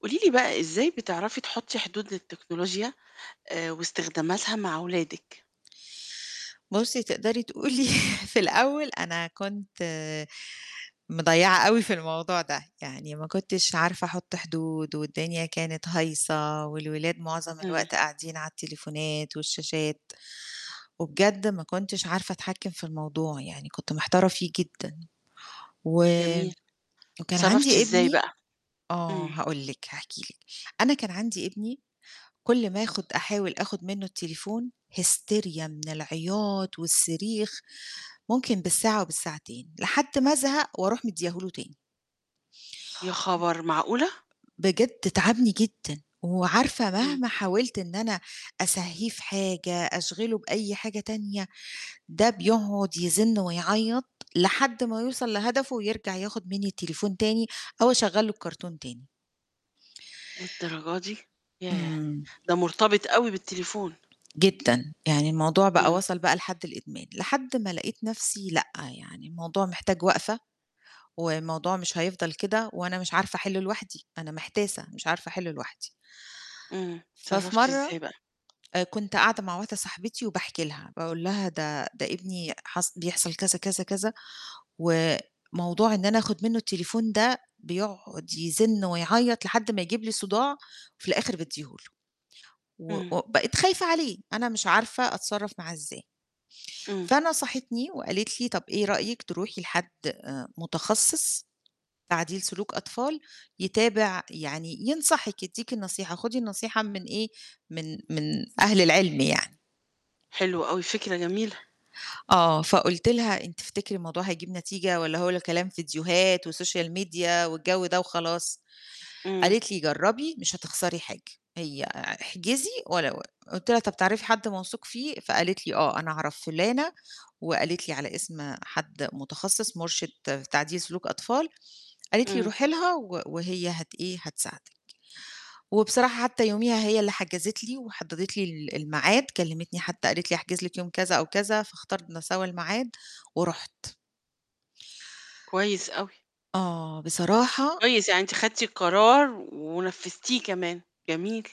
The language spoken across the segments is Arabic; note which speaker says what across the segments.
Speaker 1: قولي لي بقى إزاي بتعرفي تحطّي حدود للتكنولوجيا آآ، واستخداماتها مع أولادِك؟
Speaker 2: بُصّي تقدري تقولي في الأول أنا كنت مضيّعة أوي في الموضوع ده، يعني ما كنتش عارفة أحُط حدود، والدنيا كانت هايصة والولاد مُعظم
Speaker 1: امم.
Speaker 2: الوقت قاعدين على التليفونات والشاشات، وبجد ما كنتش عارفة أتحكّم في الموضوع، يعني كنت محتارة فيه جدًا، وم
Speaker 1: جميل.
Speaker 2: وكان
Speaker 1: اتصرّفتِ
Speaker 2: عندي
Speaker 1: إزاي
Speaker 2: ابني
Speaker 1: بقى؟
Speaker 2: آه،
Speaker 1: امم.
Speaker 2: هاقول لِك، هاحكي لِك، أنا كان عندي ابني كل ما آخُد أحاول آخُد منُّه التليفون هِيستيريا من العياط والصريخ ممكن بالساعة وبالساعتين، لحد ما أزهق وأروح مدّياه له تاني.
Speaker 1: يا
Speaker 2: و آآ،
Speaker 1: خبر معقولة؟!
Speaker 2: بجد تعبني جدًا، وعارفة
Speaker 1: إمم.
Speaker 2: مهما حاولت إن أنا أسهّيه في حاجة، أشغِله بأي حاجة تانية ده بيقعُد يزِن ويعيّط لحد ما يوصل لهدفه، ويرجع ياخُد منّي التليفون تاني أو أشغّل له الكرتون تاني.
Speaker 1: للدرجة دي ياه!
Speaker 2: إمم.
Speaker 1: ده مرتبط أوي بالتليفون.
Speaker 2: جدًا، يعني الموضوع بقى
Speaker 1: إمم.
Speaker 2: وصل بقى لحد الإدمان، لحد ما لقيت نَفْسي لأ، يعني الموضوع محتاج وقفة، والموضوع مش هيفضل كده وأنا مش عارفة أحلّه لوحدي، أنا محتاسة مش عارفة أحلّه لوحدي.
Speaker 1: إمم،
Speaker 2: ففي
Speaker 1: اتصرّفتِ إزاي
Speaker 2: مرّة
Speaker 1: بقى؟
Speaker 2: آآ، كنت قاعدة مع واحدة صاحبتي وباحكي لها، باقول لها ده ده ابني حص بيحصل كذا، كذا، كذا و موضوع إن أنا آخُد منُّه التليفون ده بيقعُد يزِن ويعيّط لحد ما يجيب لي صداع، وفي الآخِر بادّيه له، و
Speaker 1: إمم.
Speaker 2: و بقيت خايفة عليه، أنا مش عارفة أتصرّف معاه إزاي.
Speaker 1: إمم.
Speaker 2: فنصحتني وقالت لي: "طَب إيه رأيِك تروحي لحد آآ، متخصص، تعديل سلوك أطفال يتابع يعني ينصحِك، يدّيكِ النصيحة، خُدي النصيحة من إيه من من أهل العِلم يعني."
Speaker 1: حلو أوي، فكرة جميلة.
Speaker 2: آه، فقُلت لها: "إن تفتكري الموضوع هيجيب نتيجة والّا هو ل كلام فيديوهات وسوشيال ميديا والجَو ده وخلاص؟"
Speaker 1: إمم.
Speaker 2: قالت لي: "جرّبي مش هتخسري حاجة. هي أع احجزي ولا ول آآ" قُلت لها: "طَب تعرفي حد موثوق فيه؟" فقالت لي: "آه، أنا عرف فُلانة." وقالت لي على اسم حد متخصص مُرشد تعديل سلوك أطفال، قالت لي:
Speaker 1: إمم.
Speaker 2: "روحي لها و وهي هت إيه هتساعدِك." وبصراحة حتى يوميها هي اللي حجزِت لي، وحدّدِت لي ال الميعاد كلمتني حتى قالت لي أحجز لِك يوم كذا أو كذا، فاختارنا سوا الميعاد ورُحت.
Speaker 1: كويس أوي.
Speaker 2: آه، بصراحة
Speaker 1: كويس، يعني أنتِ خدتِ قرار ونفّذتيه كمان، جميل.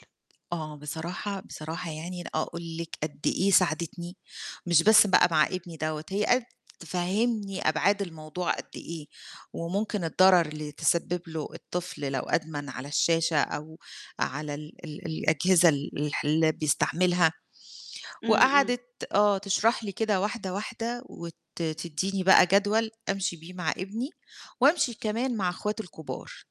Speaker 2: آه، بصراحة، بصراحة يعني أنا أقول لِك قد إيه ساعدِتني، مش بس بقى مع ابني دَوّة، هي قد تفهّمني أبعاد الموضوع قد إيه، وممكن الضَرر اللي تسبب له الطفل لو أدمن على الشاشة أو على ال ال الأجهزة ال الح اللي بيستعملها،
Speaker 1: إمم، إمم.
Speaker 2: وقعدِت آه تشرح لي كده واحدة واحدة، وت تدّيني بقى جدول أمشي بيه مع ابني، وأمشي كمان مع أخواته الكُبار.